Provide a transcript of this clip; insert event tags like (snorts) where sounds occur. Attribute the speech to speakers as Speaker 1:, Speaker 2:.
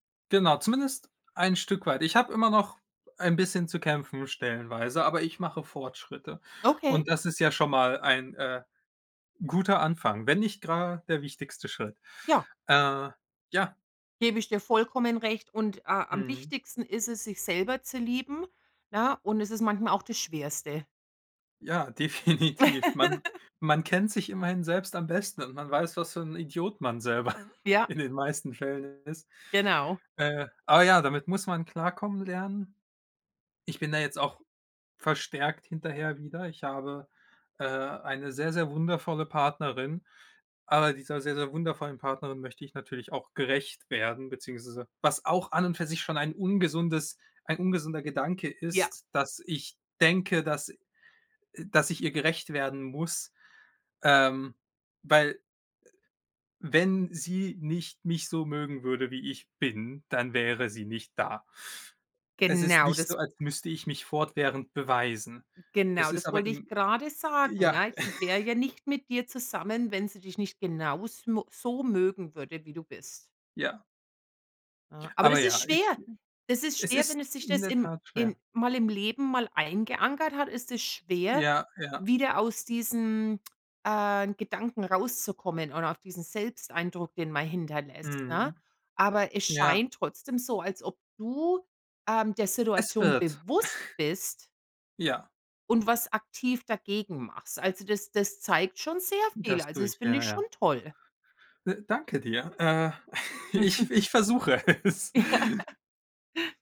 Speaker 1: Genau, zumindest ein Stück weit. Ich habe immer noch ein bisschen zu kämpfen, stellenweise, aber ich mache Fortschritte
Speaker 2: Okay.
Speaker 1: und das ist ja schon mal ein, äh, guter Anfang, wenn nicht grade der wichtigste Schritt,
Speaker 2: Ja.
Speaker 1: äh, ja.
Speaker 2: Gebe ich dir vollkommen recht und, äh, am
Speaker 1: Mhm.
Speaker 2: wichtigsten ist es, sich selber zu lieben, ne? Und es ist manchmal auch das schwerste.
Speaker 1: Ja, definitiv. Man
Speaker 2: (laughs)
Speaker 1: man kennt sich immerhin selbst am besten und man weiß, was für 'n Idiot man selber
Speaker 2: Ja.
Speaker 1: in den meisten Fällen ist.
Speaker 2: Genau.
Speaker 1: Äh, aber ja, damit muss man klarkommen lernen. Ich bin da jetzt auch verstärkt hinterher wieder. Ich habe, äh, eine sehr, sehr wundervolle Partnerin, aber dieser sehr, sehr wundervollen Partnerin möchte ich natürlich auch gerecht werden, beziehungsweise was auch an und für sich schon ein ungesundes ein ungesunder Gedanke
Speaker 2: Ja.
Speaker 1: ist, dass ich denke, dass, äh, dass ich ihr gerecht werden muss. Ähm, weil, äh, wenn sie nicht mich so mögen würde, wie ich bin, dann wäre sie nicht da. Es ist
Speaker 2: Genau,
Speaker 1: nicht
Speaker 2: das
Speaker 1: so, als müsste ich mich fortwährend beweisen. Es
Speaker 2: genau,
Speaker 1: ist
Speaker 2: das
Speaker 1: aber
Speaker 2: wollte ich
Speaker 1: im
Speaker 2: gerade sagen,
Speaker 1: ja.
Speaker 2: ja? Sie wäre
Speaker 1: (snorts)
Speaker 2: ja nicht mit dir zusammen, wenn sie dich nicht genaus mo so mögen würde, wie du bist.
Speaker 1: Ja.
Speaker 2: Ah, aber
Speaker 1: Aber
Speaker 2: das ist
Speaker 1: ja, ich
Speaker 2: schwer.
Speaker 1: ge
Speaker 2: Das ist
Speaker 1: es
Speaker 2: schwer,
Speaker 1: ist
Speaker 2: wenn es sich
Speaker 1: in
Speaker 2: das
Speaker 1: der
Speaker 2: im
Speaker 1: Tat
Speaker 2: in
Speaker 1: schwer.
Speaker 2: mal im Leben mal eingeankert hat, ist es schwer,
Speaker 1: Ja, ja.
Speaker 2: wieder aus diesen, äh, Gedanken rauszukommen oder aus diesen Selbsteindruck, den man hinterlässt, ne?
Speaker 1: Mhm.
Speaker 2: Aber es
Speaker 1: Ja.
Speaker 2: scheint trotzdem so, als ob du, ähm, der
Speaker 1: Es
Speaker 2: Situation
Speaker 1: wird. (snorts)
Speaker 2: bewusst bist
Speaker 1: Ja.
Speaker 2: und was aktiv dagegen machst. Also, das das zeigt schon sehr viel.
Speaker 1: Das
Speaker 2: Also,
Speaker 1: tue
Speaker 2: das
Speaker 1: ich,
Speaker 2: finde
Speaker 1: ja,
Speaker 2: ich schon
Speaker 1: ja.
Speaker 2: toll.
Speaker 1: De danke dir, äh, (snorts) ich
Speaker 2: (chuckles)
Speaker 1: ich versuche es.
Speaker 2: (chuckles)